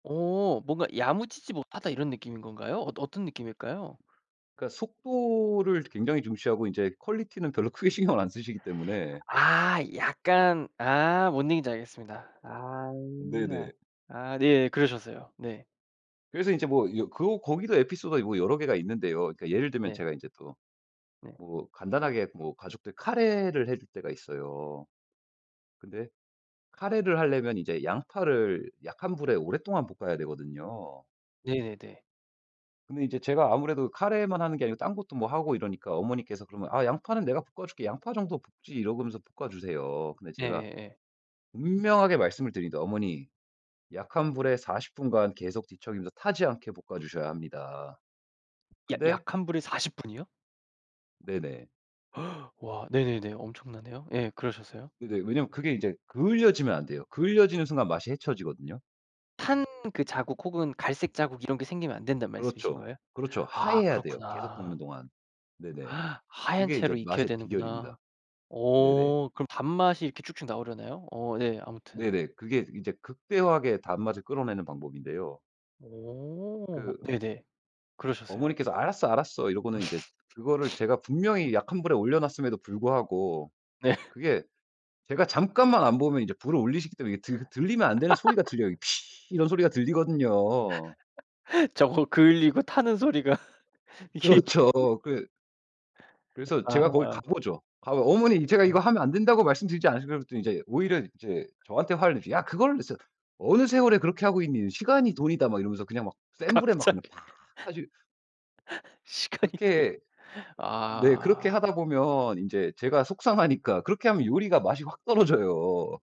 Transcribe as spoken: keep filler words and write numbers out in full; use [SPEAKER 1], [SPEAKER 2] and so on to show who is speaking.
[SPEAKER 1] 어 뭔가 '야무지지 못하다.' 이런 느낌인 건가요? 어떤 어떤 느낌일까요?
[SPEAKER 2] 그러니까 속도를 굉장히 중시하고 인제 퀄리티는 별로 크게 신경을 안 쓰시기 때문에
[SPEAKER 1] 아 약간 아 뭔 얘기인지 알겠습니다. 아.
[SPEAKER 2] 네네.
[SPEAKER 1] 아 네, 그러셔서요. 네.
[SPEAKER 2] 그래서 인제 뭐 이 그 거기도 에피소드가 요게 여러 개가 있는데요. 그러니까 예를 들면
[SPEAKER 1] 네.
[SPEAKER 2] 제가 이제 또
[SPEAKER 1] 네.
[SPEAKER 2] 뭐 간단하게 뭐 가족들 카레를 해줄 때가 있어요. 근데 카레를 하려면 이제 양파를 약한 불에 오랫동안 볶아야 되거든요.
[SPEAKER 1] 네네네.
[SPEAKER 2] 근데 인제 제가 아무래도 카레만 하는 게 아니고 딴 것도 뭐 하고 이러니까 어머니께서 그러면 "아 양파는 내가 볶아줄게. 양파 정도 볶지." 이러고서 볶아 주세요. 근데 제가
[SPEAKER 1] 예예예.
[SPEAKER 2] 분명하게 말씀을 드립니다. "어머니. 약한 불에 사십 분 간 계속 뒤척이면서 타지 않게 볶아 주셔야 합니다."
[SPEAKER 1] 약
[SPEAKER 2] 근데
[SPEAKER 1] 약한 불에 사십 분이요?
[SPEAKER 2] 네네.
[SPEAKER 1] 와 네네네. 엄청나네요. 예, 그러셔서요?
[SPEAKER 2] 네네. 왜냐하면 그게 이제 그을려지면 안 돼요. 그을려지는 순간 맛이 해쳐지거든요.
[SPEAKER 1] 탄 그 자국 혹은 갈색 자국 이런 게 생기면 안 된단 말씀이신
[SPEAKER 2] 그렇죠.
[SPEAKER 1] 거예요?
[SPEAKER 2] 그렇죠.
[SPEAKER 1] 아
[SPEAKER 2] 하얘야 돼요. 계속 볶는
[SPEAKER 1] 그렇구나.
[SPEAKER 2] 동안. 네네.
[SPEAKER 1] 하얀
[SPEAKER 2] 그게
[SPEAKER 1] 채로
[SPEAKER 2] 이제
[SPEAKER 1] 익혀야
[SPEAKER 2] 맛의 비결입니다.
[SPEAKER 1] 되는구나.
[SPEAKER 2] 네네.
[SPEAKER 1] 어 그럼 단맛이 이렇게 쭉쭉 나오려나요? 어 네 아무튼.
[SPEAKER 2] 네네. 그게 이제 극대화하게 단맛을 끌어내는 방법인데요.
[SPEAKER 1] 어.
[SPEAKER 2] 그
[SPEAKER 1] 네네. 그러셔서요?
[SPEAKER 2] 어머니께서 "알았어 알았어." 이러고는 이제 그거를 제가 분명히 약한 불에 올려놨음에도 불구하고
[SPEAKER 1] 네.
[SPEAKER 2] 그게 제가 잠깐만 안보면 이제 불을 올리시기 때문에 드 들리면 안 되는 소리가 들려요. "피" 이런 소리가 들리거든요.
[SPEAKER 1] 저거 그을리고 타는 소리가 이게
[SPEAKER 2] 그렇죠. 그 그래서 제가 거기 가
[SPEAKER 1] 아.
[SPEAKER 2] 보죠. 가면 "어머니 제가 이거 하면 안 된다고 말씀드리지 않았습니까." 그러면 또 이제 오히려 이제 저한테 화를 내죠. "야 그걸 어느 세 어느 세월에 그렇게 하고 있니. 시간이 돈이다." 막 이러면서 그냥 막 센 불에 막 그냥
[SPEAKER 1] 갑자기
[SPEAKER 2] 팍 하시
[SPEAKER 1] 시간이 돈이
[SPEAKER 2] 그렇게 네, 그렇게
[SPEAKER 1] 아.
[SPEAKER 2] 하다 보면 인제 제가 속상하니까 그렇게 하면 요리가 맛이 확 떨어져요.